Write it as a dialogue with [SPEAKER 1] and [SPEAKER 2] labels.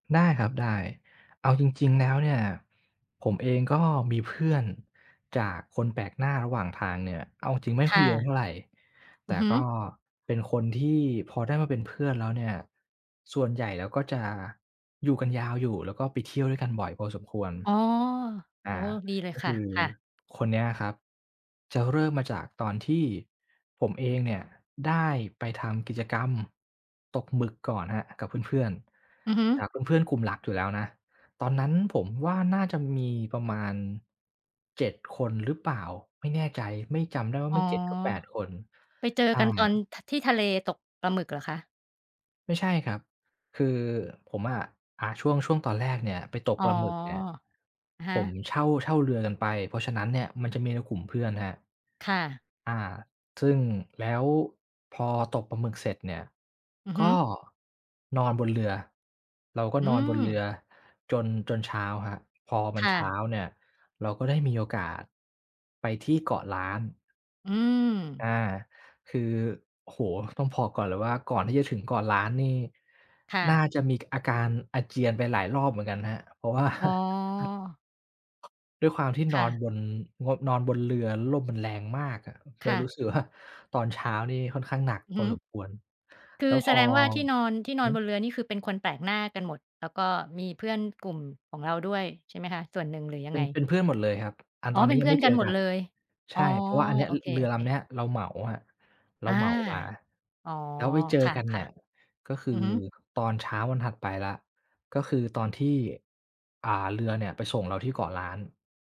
[SPEAKER 1] ได้ครับ ได้ เอาจริง ๆ แล้วเนี่ย ผมเองก็มีเพื่อนจากคนแปลกหน้าระหว่างทางเนี่ย เอาจริง ๆ ไม่
[SPEAKER 2] ค
[SPEAKER 1] ค่อ
[SPEAKER 2] ่
[SPEAKER 1] ยเยอะ
[SPEAKER 2] ะ
[SPEAKER 1] เท่าไร แ
[SPEAKER 2] อ
[SPEAKER 1] ต
[SPEAKER 2] ื
[SPEAKER 1] ่
[SPEAKER 2] อฮึ
[SPEAKER 1] ก็เป็นคนที่พอได้มาเป็นเพื่อนแล้วเนี่ย ส่วนใหญ่แล้วก็จะอยู่กันยาวอยู่ แล้วก็ไปเที่ยวด้วยกันบ่อยพอสมควร
[SPEAKER 2] อ๋อ
[SPEAKER 1] อ่า
[SPEAKER 2] โอ้โฮ ดีเล
[SPEAKER 1] ก
[SPEAKER 2] ย
[SPEAKER 1] ็
[SPEAKER 2] ค
[SPEAKER 1] ค
[SPEAKER 2] ่ะ
[SPEAKER 1] ือ
[SPEAKER 2] ค่ะ
[SPEAKER 1] คนเนี้ยครับ จะเริ่มมาจากตอนที่ผมเองเนี่ย ได้ไปทำกิจกรรมตกหมึกก่อนครับกับเพื่อน
[SPEAKER 2] อือฮึ
[SPEAKER 1] ๆ แต่เป็นเพื่อนกลุ่มหลักอยู่แล้วนะ ตอนนั้นผมว่าน่าจะมีประมาณ 7 คนหรือเปล่า ไม่แน่ใจ ไม่ จำได้ว่า
[SPEAKER 2] อ
[SPEAKER 1] ไ
[SPEAKER 2] ๋
[SPEAKER 1] ม
[SPEAKER 2] อ
[SPEAKER 1] ่ 7 ก็ 8 คน
[SPEAKER 2] ไปเจอ
[SPEAKER 1] ใช่
[SPEAKER 2] กันตอน ท ที่ทะเล ตกปลาหมึกเหรอคะ?
[SPEAKER 1] ไม่ใช่ครับ คือผมอะ อา ช่วง ช่วงตอนแรกเนี่ยไปตก
[SPEAKER 2] อ๋
[SPEAKER 1] ป
[SPEAKER 2] อ
[SPEAKER 1] ลาหมึกเนี่ย
[SPEAKER 2] อะฮ
[SPEAKER 1] ผ
[SPEAKER 2] ะ
[SPEAKER 1] มเช่า เช่าเรือกันไป เพราะฉะนั้นเนี่ย มันจะมีในกลุ่มเพื่อนนะครับ
[SPEAKER 2] ค่ะ
[SPEAKER 1] อา ซึ่งแล้วพอตกปลาหมึกเสร็จเนี่ย
[SPEAKER 2] อือฮ
[SPEAKER 1] ก
[SPEAKER 2] ึ
[SPEAKER 1] ็นอนบนเรือ เราก็
[SPEAKER 2] อื
[SPEAKER 1] นอนบนเรื
[SPEAKER 2] ม
[SPEAKER 1] อจน จนเช้าครับ พอมั
[SPEAKER 2] ค
[SPEAKER 1] น
[SPEAKER 2] ่
[SPEAKER 1] เช้า
[SPEAKER 2] ะ
[SPEAKER 1] เนี่ย เราก็ได้มีโอกาสไปที่เกาะล้าน
[SPEAKER 2] อื
[SPEAKER 1] อ่า
[SPEAKER 2] ม
[SPEAKER 1] คือ โอ้โฮ ต้องบอกก่อนเลยว่า ก่อนที่จะถึงเกาะล้านนี่
[SPEAKER 2] ค่
[SPEAKER 1] น่า
[SPEAKER 2] ะ
[SPEAKER 1] จะมี ก อาการอาเจียนไปหลายรอบเหมือนกันครับ เพราะว่า
[SPEAKER 2] อ๋อ
[SPEAKER 1] ด้วยความที่บ
[SPEAKER 2] ค่ะ
[SPEAKER 1] นงด นอนบนเรือ แล้วลมมันแรงมากอะ เร
[SPEAKER 2] ค
[SPEAKER 1] า
[SPEAKER 2] ่ะ
[SPEAKER 1] รู้สึกว่า ตอนเช้านี่ค่อนข้างหนัก
[SPEAKER 2] อือ
[SPEAKER 1] พ
[SPEAKER 2] ฮ
[SPEAKER 1] อ
[SPEAKER 2] ึ
[SPEAKER 1] สมควร
[SPEAKER 2] ค
[SPEAKER 1] แ
[SPEAKER 2] ื
[SPEAKER 1] ล้
[SPEAKER 2] อ
[SPEAKER 1] วพ
[SPEAKER 2] แส
[SPEAKER 1] อ
[SPEAKER 2] ดงว่าที่นอน ที
[SPEAKER 1] อื
[SPEAKER 2] ่
[SPEAKER 1] อ
[SPEAKER 2] น
[SPEAKER 1] ฮ
[SPEAKER 2] อ
[SPEAKER 1] ึ
[SPEAKER 2] นบนเรือนี่ คือเป็นคนแปลกหน้ากันหมด แล้วก็มีเพื่อนกลุ่มของเราด้วย ใช่ไหมคะ ส่วนหนึ่ง หรือย
[SPEAKER 1] เ
[SPEAKER 2] ั
[SPEAKER 1] ป
[SPEAKER 2] ง
[SPEAKER 1] ็
[SPEAKER 2] ไง?
[SPEAKER 1] น เป็นเพื่อนหมดเลยครับ อัน
[SPEAKER 2] อ๋
[SPEAKER 1] ต
[SPEAKER 2] อ
[SPEAKER 1] อนน
[SPEAKER 2] เ
[SPEAKER 1] ี
[SPEAKER 2] ป็
[SPEAKER 1] ้
[SPEAKER 2] น
[SPEAKER 1] ย
[SPEAKER 2] เ
[SPEAKER 1] ั
[SPEAKER 2] พ
[SPEAKER 1] ง
[SPEAKER 2] ื่
[SPEAKER 1] ไ
[SPEAKER 2] อ
[SPEAKER 1] ม่
[SPEAKER 2] น
[SPEAKER 1] เ
[SPEAKER 2] ก
[SPEAKER 1] จ
[SPEAKER 2] ัน
[SPEAKER 1] อ
[SPEAKER 2] หม
[SPEAKER 1] ก
[SPEAKER 2] ด
[SPEAKER 1] ัน
[SPEAKER 2] เลย
[SPEAKER 1] ใช
[SPEAKER 2] อ๋อ
[SPEAKER 1] ่ เพราะว่าอันเนี้ย
[SPEAKER 2] โอ
[SPEAKER 1] ร
[SPEAKER 2] เค
[SPEAKER 1] เรือลำเน
[SPEAKER 2] ๆ
[SPEAKER 1] ี้ยเราเหมาครับ เรา
[SPEAKER 2] อา
[SPEAKER 1] เหมามา
[SPEAKER 2] อ๋อ
[SPEAKER 1] แล้วไปเจอ
[SPEAKER 2] ค
[SPEAKER 1] กันเน
[SPEAKER 2] ่
[SPEAKER 1] ี
[SPEAKER 2] ะ
[SPEAKER 1] ่ย ก็ค
[SPEAKER 2] ๆ
[SPEAKER 1] ื
[SPEAKER 2] อ
[SPEAKER 1] อ
[SPEAKER 2] ือฮึ
[SPEAKER 1] ตอนเช้าวันถัดไปแล้ว ก็คือตอนที่ อ่า เรือเนี่ยไปส่งเราที่เกาะล้าน